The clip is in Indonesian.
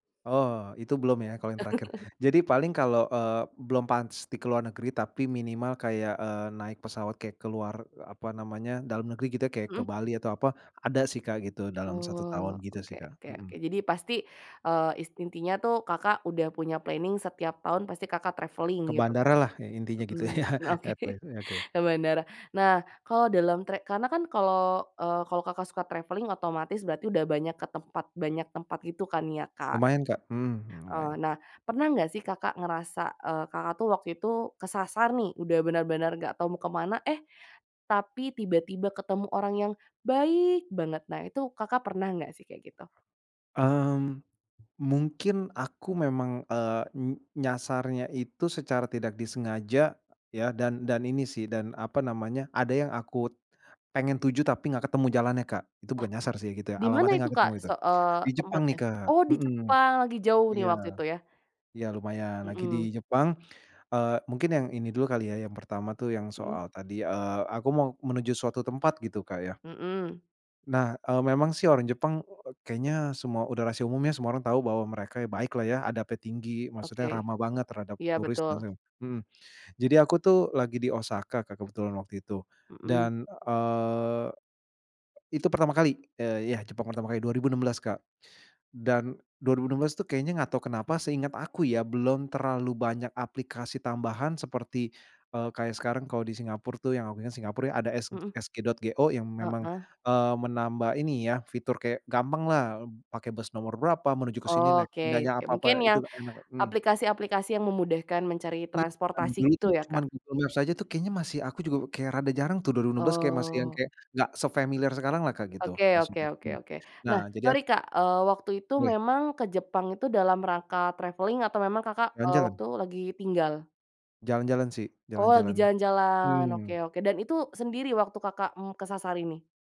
Oh, itu belum ya, kalau yang terakhir. Jadi, paling kalau, eee, belum pans di ke luar negeri, tapi minimal kayak, eee, naik pesawat kayak ke luar, apa namanya. Dalam negeri gitu. Kayak ke Mhm. Bali, atau apa. Ada sih, Kak, gitu. Dalam 1 Oh. tahun. Gitu sih, Oke Kak, oke oke. mhm. Jadi pasti, eee, is intinya tuh, Kakak, udah punya planning setiap tahun, pasti Kakak, travelling, Ke gitu, kan bandara lah. Yang intinya gitu mhm. ya, Oke. etle eee, oke. ke bandara. Nah, kalo dalam tre karena kan kalau, eee, kalau Kakak, suka travelling, otomatis berarti udah banyak ke tempat banyak tempat, gitu kan ya Kak. Lumayan Kak. Mmm. Eee, Lumayan. nah, pernah enggak sih Kakak, ngerasa eee, Kakak, tuh, waktu itu kesasar nih, udah benar-benar enggak tahu mau ke mana, eh, tapi tiba-tiba ketemu orang yang, baik banget! Nah itu, Kakak, pernah enggak sihh, kayak gitu? Mmm. Mungkin, aku memang eee, n nyasarnya itu secara tidak disengaja, ya. Dan dan ini sih, dan apa namanya. Ada yang aku pengen tuju, tapi enggak ketemu jalannya, Kak. Itu Wah! bukan nyasar sih, gitu ya. Di mana Alamatnya itu enggak Kak ketemu, itu. se eee, Di Jepang nih tempatnya? Kak Oh! di mhm, Jepang. Lagi jauh nih iya. waktu itu, ya? Iya lumayan. Lagi di Mhm. Jepang, eee, mungkin yang ini dulu kali ya. Yang pertama tuh, yang Mhm. soal tadi, eee, aku mau menuju suatu tempat, gitu Kak ya. Mhm. Nah, eee, memang sih, orang Jepang eee, kayaknya semua, udah rahasia umum ya, semua orang tahu bahwa mereka baik lah, ya. Adabnya tinggi, maksudnya Oke. ramah banget terhadap Iya, turis dan betul. se mhm. Jadi aku tuh, lagi di Osaka Kak, kebetulan waktu itu. Mhm. Dan, eee itu pertama kali. Eee, ya Jepang pertama kali. 2016 Kak. Dan 2016 itu kayaknya, enggak tahu kenapa, seingat aku ya, belum terlalu banyak aplikasi tambahan, seperti eee, kayak sekarang kalau di Singapura tuh yang aku inget [unintelligible] Singapura ada s Mhm. sg.go yang memang, Heeh. eee, menambah ini ya, fitur kayak gampang lah, pakai bus nomor berapa, menuju ke sini naik Oke nanya oke. Mungkin apa-apa itu yang, enak mhm. aplikasi-aplikasi yang memudahkan mencari Iya. transportasi Dulu tuh, gitu, ya Kak? cuman Google Maps aja tuh, kayaknya masih aku juga, kayak rada jarang tuh, 2016 kayak masih yang Oh. kayak, enggak sefamiliar sekarang lah, Kak, gitu. Oke oke Maksudnya oke hmm. oke. Nah, Nah, jadi ak sorry Kak, eee, waktu itu Weh. memang ke Jepang itu, dalam rangka travelling atau memang Kakak, eee, Jalan-jalan. waktu lagi tinggal? Jalan-jalan, sih. Oh, lagi Jalan-jalan. jalan-jalan. Oke Mmm. oke. Dan itu sendiri waktu Kakak, mmm, kesasar ini?